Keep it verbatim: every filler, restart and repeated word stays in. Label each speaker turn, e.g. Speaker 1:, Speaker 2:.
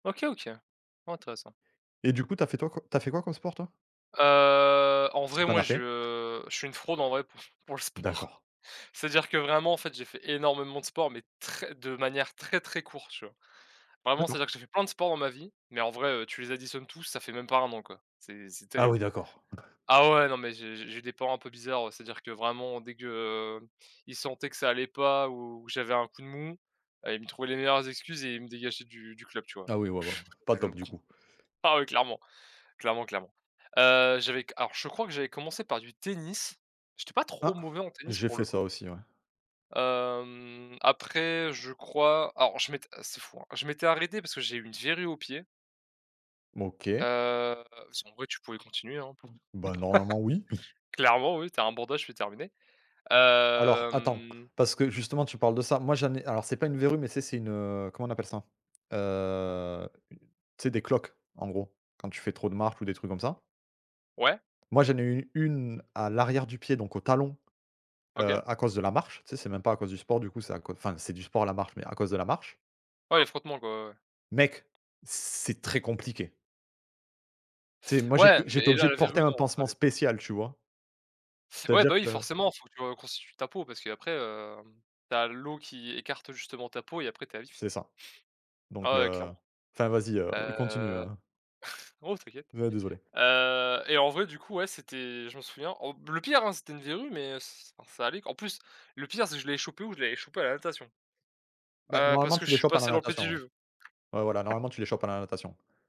Speaker 1: OK, OK, ouais, intéressant.
Speaker 2: Et du coup, tu as fait toi tu as fait quoi comme sport, toi?
Speaker 1: Heu, en
Speaker 2: Si
Speaker 1: vrai,
Speaker 2: tu en
Speaker 1: moi,
Speaker 2: as fait!
Speaker 1: je je suis une fraude en vrai pour f pour le sport.
Speaker 2: D'accord.
Speaker 1: C'est-à-dire que vraiment, en fait, j'ai fait énormément de sport, mais très de manière très très courte, tu vois? Vraiment,
Speaker 2: D'accord.
Speaker 1: c'est-à-dire que j'ai fait plein de sport dans ma vie, mais en vrai, heu, tu les additionnes tous, ça fait même pas un an, quoi. C'est c'est
Speaker 2: Ah
Speaker 1: terrible.
Speaker 2: oui, d'accord.
Speaker 1: Ah ouais, non, mais j'ai j'ai des parents un peu bizarres, c'est-à-dire que vraiment, dès que ils sentaient que ça allait pas ou j'avais un coup de mou, heu, ils me trouvaient les meilleures excuses, et ils me dégageaient du du club, tu vois?
Speaker 2: Ah oui, ouais, ouais, pas top, du coup!
Speaker 1: Ah ouais, clairement, clairement, clairement, heu, j'avais c alors je crois que j'avais commencé par du tennis, j'étais pas trop
Speaker 2: Ah!
Speaker 1: mauvais en tennis
Speaker 2: J'ai
Speaker 1: pour
Speaker 2: fait
Speaker 1: le
Speaker 2: ça
Speaker 1: coup.
Speaker 2: aussi, ouais.
Speaker 1: Hem, après, je crois, alors, je m'étais c'est fou, hein, je m'étais arrêté parce que j'ai une verrue au pied
Speaker 2: OK.
Speaker 1: heu, si en vrai, tu pouvais continuer, hein,
Speaker 2: Bah, normalement, oui.
Speaker 1: clairement, oui, tu as un bandage puis terminé,
Speaker 2: Alors, attends,
Speaker 1: hem
Speaker 2: parce que justement, tu parles de ça, moi j'en ai alors, c'est pas une verrue, mais c'est c'est une, heu, comment on appelle ça? Heu, tu sais, des cloques, en gros, quand tu fais trop de marche ou des trucs comme ça.
Speaker 1: Ouais.
Speaker 2: Moi, j'en ai eu une à l'arrière du pied, donc au talon, heu,
Speaker 1: OK.
Speaker 2: à cause de la marche, tu sais, c'est même pas à cause du sport, du coup, c'est à cau enfin, c'est du sport, la marche, mais à cause de la marche.
Speaker 1: Ouais, les frottements, quoi, ouais, ouais.
Speaker 2: Mec! C'est très compliqué. Tu sais, moi,
Speaker 1: Ouais,
Speaker 2: j'étais j'étais
Speaker 1: mais là,
Speaker 2: obligé de
Speaker 1: la
Speaker 2: porter
Speaker 1: verrue,
Speaker 2: un
Speaker 1: non, ça
Speaker 2: pansement
Speaker 1: allait.
Speaker 2: spécial, tu vois? C'est à
Speaker 1: Ouais, bah
Speaker 2: dire
Speaker 1: oui,
Speaker 2: que
Speaker 1: forcément, faut que tu reconstitues ta peau, parce qu'après, hem, tu as l'eau qui écarte, justement, ta peau, et après, tu es à vif!
Speaker 2: C'est ça, donc
Speaker 1: Ah ouais,
Speaker 2: heu,
Speaker 1: clairement,
Speaker 2: enfin, vas-y, heu, continue,
Speaker 1: heu,
Speaker 2: heu
Speaker 1: non, t'inquiète,
Speaker 2: Ouais, désolé.
Speaker 1: heu, et en vrai, du coup, ouais, c'était je m'en souviens, au le pire, hein, c'était une verrue, mais ç alors ça allait. En plus, le pire, c'est que je l'avais chopé où, je l'avais chopé à la natation,
Speaker 2: Bah,
Speaker 1: heu, parce
Speaker 2: normalement,
Speaker 1: que
Speaker 2: tu
Speaker 1: je
Speaker 2: les
Speaker 1: suis
Speaker 2: chopes à la
Speaker 1: passé dans le
Speaker 2: natation, ouais.
Speaker 1: pédiluve.
Speaker 2: Ouais, voilà, normalement, tu les chopes à la natation.